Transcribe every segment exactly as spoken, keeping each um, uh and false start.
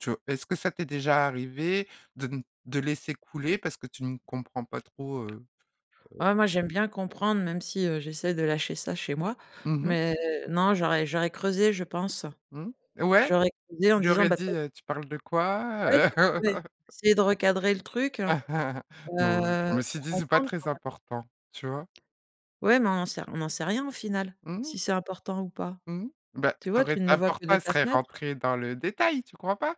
Tcho, est-ce que ça t'es déjà arrivé de n de laisser couler parce que tu ne comprends pas trop, heu heu Ouais, moi, j'aime bien comprendre, même si, heu, j'essaie de lâcher ça chez moi Mmh mh. mais non, j'aurais j'aurais creusé, je pense. Mmh, et ouais, J'aurais creusé en lui disant aurais bah tu dit, es heu, tu parles de ouais, quoi, heu? tu voulais essayer de recadrer le truc, heu? Non, Heu, je me suis pour dit c'est pas comprendre, très quoi. important, tu vois? Ouais, mais on en sait on n'en sait rien au final, Mmh. si c'est important ou pas? Mmh, bah Tu ça vois? aurait Tu ne le vois important que de elle ta serait fenêtre. rentrée dans le détail, tu crois pas?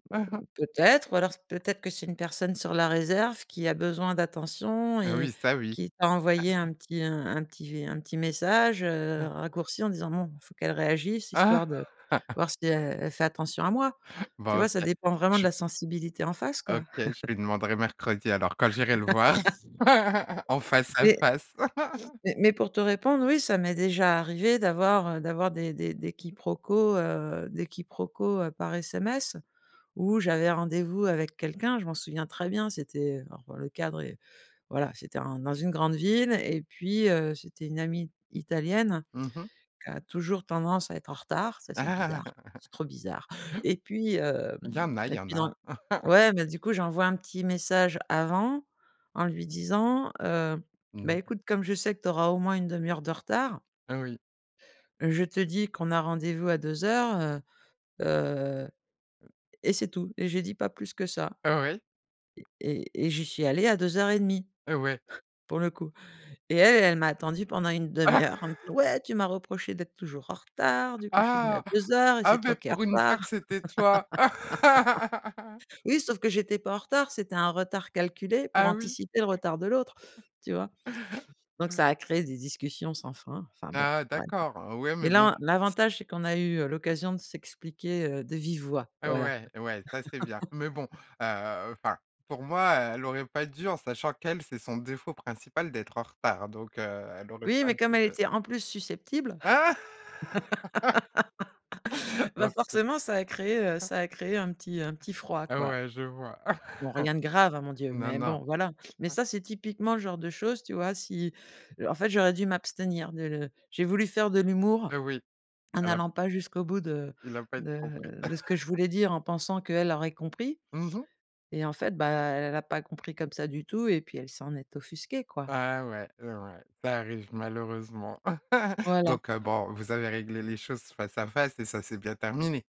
Mmh, peut-être, ou alors peut-être que c'est une personne sur la réserve qui a besoin d'attention Heu, et oui, ça oui. qui t'a envoyé un petit un petit v un petit message, heu, un raccourci en disant bon, il faut qu'elle réagisse, Ah! histoire de voir si elle elle fait attention à moi. Tu Bah vois? Ça OK, dépend vraiment de tu la sensibilité en face, quoi. OK, je lui demanderai mercredi alors quand j'irai le voir, en face à Mais face. mais mais pour te répondre, oui, ça m'est déjà arrivé d'avoir, heu, d'avoir des des des quiproquos, heu, des quiproquos, heu, par SMS, où j'avais rendez-vous avec quelqu'un. Je m'en souviens très bien c'était heu, alors le cadre est voilà, c'était un dans une grande ville et puis, heu, c'était une amie italienne Mmh mh. qui a toujours tendance à être en retard. Ça, c'est bizarre, c'est trop bizarre et puis, hem, Il y en a il et y en puis a. dans ouais, mais du coup, j'envoie un petit message avant en lui disant: «Heu, beh [unintelligible] écoute, comme je sais que tu auras au moins une demi-heure de retard Heu, oui. je te dis qu'on a rendez-vous à deux heures, heu heu» et c'est tout et j'ai dit pas plus que ça Heu, oui. et et et j'y suis allée à deux heures et demie Heu, ouais. pour le coup. Et elle elle m'a attendue pendant une demi-heure. Elle me dit: «Ouais, tu m'as reproché d'être toujours en retard du coup, je suis venue à Ah! deux heures et Ah c'est toi beh, qui es en pour une fois que retard!» c'était toi. oui, sauf que j'étais pas en retard. C'était un retard calculé pour Ah oui? anticiper le retard de l'autre. Tu vois? Donc, ça a créé des discussions sans fin, enfin, bon, Ah bref. d'accord, heu, ouais, mais Mais bon. là, l'avantage, c'est qu'on a eu, heu, [unintelligible] l'occasion de s'expliquer, heu, de vive voix, Heu, voilà. ouais, ouais, ça c'est bien. Mais bon, heu, enfin pour moi, heu, elle aurait pas dû en sachant qu'elle c'est son défaut principal d'être en retard donc, heu, elle aurait Oui, pas mais dû, comme elle heu. était en plus susceptible, bah OK. forcément, ça a créé, heu, ça a créé un petit un petit froid, Ah quoi. ouais, je vois. Bon, rien de grave, hein, mon Dieu, Non, mais non. bon, voilà. Mais ça, c'est typiquement le genre de chose, tu vois, si, heu, en fait, j'aurais dû m'abstenir de le j'ai voulu faire de l'humour Heu, oui. en A la n'allant pas jusqu'au bout de Il a pas été de compris. de ce que je voulais dire, en pensant qu'elle aurait compris Mmh mh. et en fait, bah elle a pas compris comme ça du tout et puis elle s'en est offusquée, quoi. Ah, ouais et ouais, ça arrive malheureusement Voilà. donc, heu, bon, vous avez réglé les choses face à face et ça c'est bien terminé?